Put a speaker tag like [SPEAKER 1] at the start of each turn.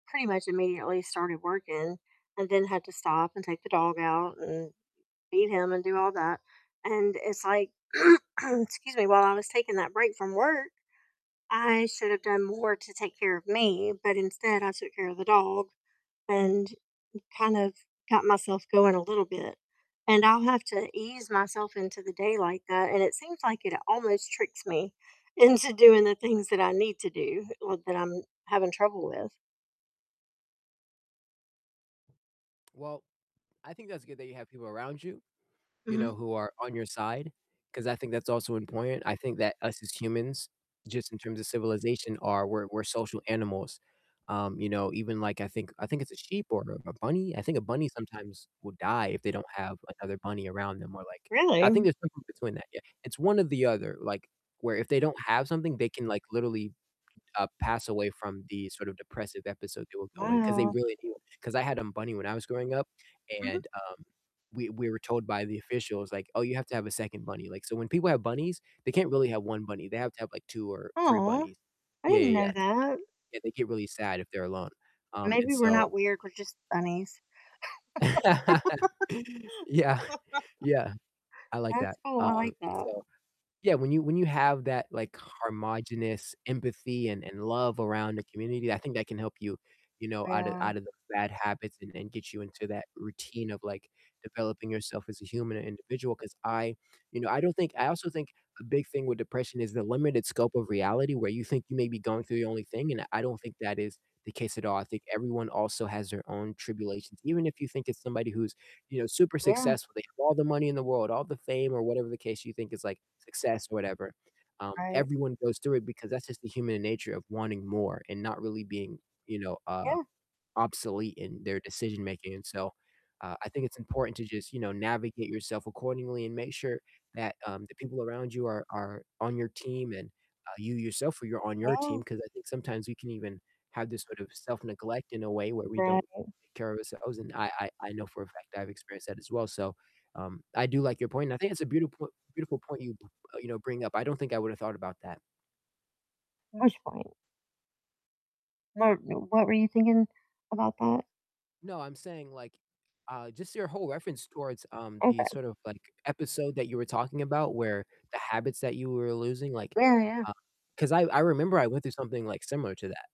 [SPEAKER 1] Pretty much immediately started working, and then had to stop and take the dog out and feed him and do all that, and it's like Um, excuse me, while I was taking that break from work, I should have done more to take care of me, but instead I took care of the dog, and kind of got myself going a little bit, and I'll have to ease myself into the day like that, and it seems like it almost tricks me into doing the things that I need to do or that I'm having trouble with.
[SPEAKER 2] Well, I think that's good that you have people around you, you
[SPEAKER 1] Mhm.
[SPEAKER 2] know, who are on your side, 'cause I think that's also important, I think that us as humans, just in terms of civilization are, we're we're social animals, um, you know, even like, I think I think it's a sheep or a bunny, I think a bunny sometimes will die if they don't have another bunny around them or like I think
[SPEAKER 1] Really?
[SPEAKER 2] there's something between that, yeah, it's one or the other, like where if they don't have something, they can, like, literally, uh, pass away from the sort of depressive episode they will go in, 'cause they
[SPEAKER 1] Wow.
[SPEAKER 2] really do. 'Cause I had a bunny when I was growing up
[SPEAKER 1] Mhm.
[SPEAKER 2] and, um, we we were told by the officials, like, "Oh, you have to have a 2nd bunny." Like, so when people have bunnies, they can't really have 1 bunny, they have to have, like, 2 or 3
[SPEAKER 1] Aw,
[SPEAKER 2] bunnies,
[SPEAKER 1] I
[SPEAKER 2] yeah, yeah,
[SPEAKER 1] didn't
[SPEAKER 2] yeah,
[SPEAKER 1] know
[SPEAKER 2] yeah.
[SPEAKER 1] that.
[SPEAKER 2] Yeah, they get really sad if they're alone, um, and
[SPEAKER 1] Maybe we're
[SPEAKER 2] so
[SPEAKER 1] not weird, we're just bunnies.
[SPEAKER 2] Yeah, yeah. I like
[SPEAKER 1] That's
[SPEAKER 2] that,
[SPEAKER 1] cool, I
[SPEAKER 2] um,
[SPEAKER 1] like
[SPEAKER 2] and,
[SPEAKER 1] that.
[SPEAKER 2] so, yeah, when you when you have that, like, homogenous empathy and and love around a community, I think that can help you, you know, out of
[SPEAKER 1] Yeah.
[SPEAKER 2] out of the bad habits and and get you into that routine of, like, developing yourself as a human and individual 'cause I you know, I don't think I also think a big thing with depression is the limited scope of reality where you think you may be going through the only thing, and I don't think that is the case at all, I think everyone also has their own tribulations. Even if you think it's somebody who's, you know, super
[SPEAKER 1] Yeah.
[SPEAKER 2] successful, they have all the money in the world, all the fame or whatever the case you think is, like, success or whatever, um,
[SPEAKER 1] Right.
[SPEAKER 2] everyone goes through it because that's just the human nature of wanting more, and not really being you know, uh,
[SPEAKER 1] Yeah.
[SPEAKER 2] obsolete in their decision making and so, uh, I think it's important to just, you know, navigate yourself accordingly, and make sure that, um, the people around you are are on your team and, uh, you yourself yo are on your team,
[SPEAKER 1] No.
[SPEAKER 2] 'cause I think sometimes we can even have this sort of self-neglect in a way where we don't
[SPEAKER 1] Right.
[SPEAKER 2] take care of ourselves, and I I I know for a fact that I've experienced that as well, so, um, I do like your point, and I think it's a beautiful po beautiful point you, uh, you know, bring up, I don't think I would've thought about that.
[SPEAKER 1] Which point? [unintelligible] What were you thinking about that?
[SPEAKER 2] No, I'm saying, like, uh, just your whole reference towards, um, the
[SPEAKER 1] Okay.
[SPEAKER 2] sort of, like, episode that you were talking about where the habits that you were losing, like,
[SPEAKER 1] Yeah, yeah.
[SPEAKER 2] uh, 'cause I I remember I went through something, like, similar to that.